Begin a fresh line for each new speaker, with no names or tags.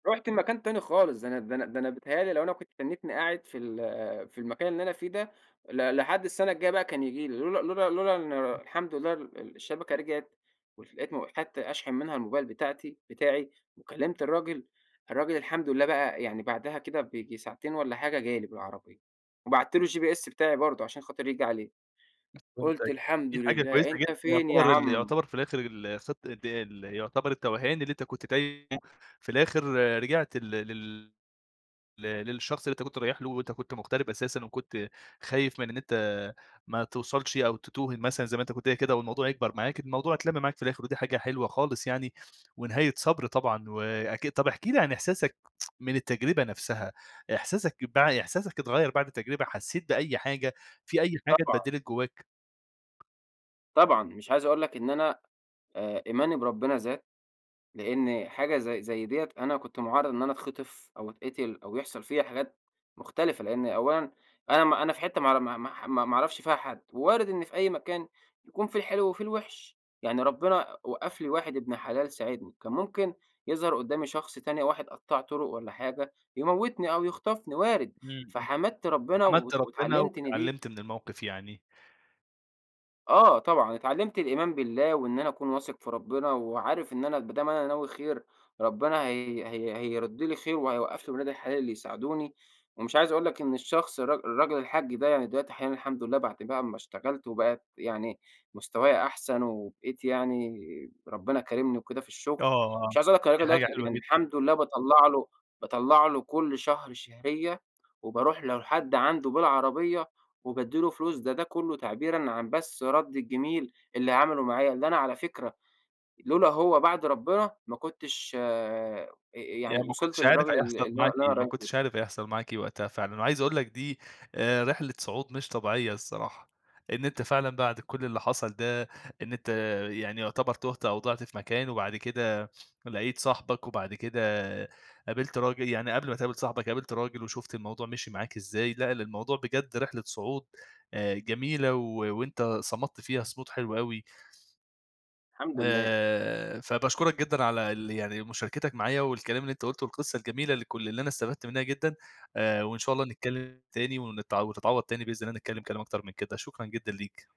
رُحت لمكان تاني خالص، ده أنا ده أنا ده أنا بيتيهأ لي لو أنا كنت تنّيتني قاعد في ال في المكان اللي أنا فيه ده ل لحد السنة الجايّة بقى كان ييجي لي لولا لولا لولا إن الحمد لله ال الشبكة رجعت ولقيت م حتّة أشحن منها الموبايل بتاعتي بتاعي، وكلِمت الراجل الراجل الحمد لله بقى يعني بعدها كده بييجي ساعتين والّا حاجة جالي بالعربية وبَعت له الGPS بتاعي برضه عشان خاطر ييجي عليه. قلت:
فهمتك
"الحمد
دي حاجة كويسة
لله
جدًا،
أنت فين يا
يعتبر ال
عم؟"
يعتبر في الآخر ال الخ ال يعتبر التوهان اللي أنت كنت تايهُه في الآخر رجعت لل لل ل للشخص اللي أنت كنت رايح له، وأنت كنت مغترب أساسًا و كنت خايف من إن أنت ما توصلش أو تتوه مثلًا زي ما أنت كنت قايل كده والموضوع يكبر معاك، الموضوع اتلم معاك في الآخر ودي حاجة حلوة خالص يعني، ونهاية صبر طبعًا، وأكيد طَب احكِ لي عن إحساسك من التجربة نفسها إحساسك بع إحساسك اتغيّر بعد التجربة؟ حسّيت بأي حاجة؟ في أي حاجة
طبعًا.
اتبدلت جوّاك؟
طبعًا، مش عايز أقول لك إن أنا آآ، إيماني بربنا زاد لأن حاجة زي زي ديّة أنا كنت مُعرّض إن أنا أتخطف، أو اتقتل أو يحصل فيّا حاجات مختلفة، لأن أولًا أنا ما أنا في حتّة ما أعر ما ما ما اعرفش فيها حد، ووارد إن في أي مكان يكون في الحلو وفي الوحش، يعني ربنا وقف لي واحد ابن حلال ساعدني، كان ممكن يظهر قدامي شخص تاني واحد قطَّاع طرق والّا حاجة، يموتني أو يخطفني وارد،
إمم،
فحمدت ربنا
حمدت
وات
ربنا
واتعلمت إن دي
واتعلمت من الموقف يعني.
آه، طبعًا، اتعلمت الإيمان بالله وإن أنا أكون واثق في ربنا، وعارف إن أنا ما دام أنا ناوي خير ربنا هي هي هيرُد لي خير وهيوقف لي ولاد الحلال اللي يساعدوني، ومش عايز أقول لك إن الشخص الر الراجل الحاج ده يعني دلوقتي أحيانًا الحمد لله بعد بقى اما اشتغلت وبقى يعني مستوايا أحسن، وبقيت يعني ربنا كارمني وكده في الشغل،
آه،
مش عايز أقول لك
دي
الراجل دوّة
حاجة حلوة
يعني
جدًا.
الحمد لله باطّلع له باطّلع له كل شهر شهرية، وباروح له لحد عنده بالعربية وبادّي له فلوس ده ده كلّه تعبيرًا عن بس رد الجميل اللي عمله معايا، اللي أنا على فكرة لولا هو بعد ربنا ما كُنتش آآ ي يعني
يعني ما
وصلت
كنتش عارف
للراجل ال
هيحصل
اللي أنا
معاك
اللي أنا
إيه، ما
رايح له.
كنتش عارف هيحصل معاك إيه وقتها فعلًا، وعايز أقول لك دي آآ، رحلة صعود مش طبيعية الصراحة، إن أنت فعلًا بعد كل اللي حصل ده إن أنت، يعني يعتبر تُهت أو ضِعت في مكان وبعد كده لَقيت صاحبك، وبعد كده قابلت راجل يعني قبل ما تقابل صاحبك قابلت راجل وشُفت الموضوع مشّي معاك إزاي، لأ ال الموضوع بجد رحلة صعود آآ جميلة و وأنت صمدت فيها صمود حلو أوي.
الحمد لله.
آآ، فباشكرك جدًا على ال يعني مشاركتك معايا، والكلام اللي أنت قُلته والقصة الجميلة لكل اللي أنا استفدت منها جدًا آآ، وإن شاء الله نتكلم تاني ونتع وتتعوض تاني بإذن الله نتكلم كلام أكتر من كده، شكرًا جدًا ليك.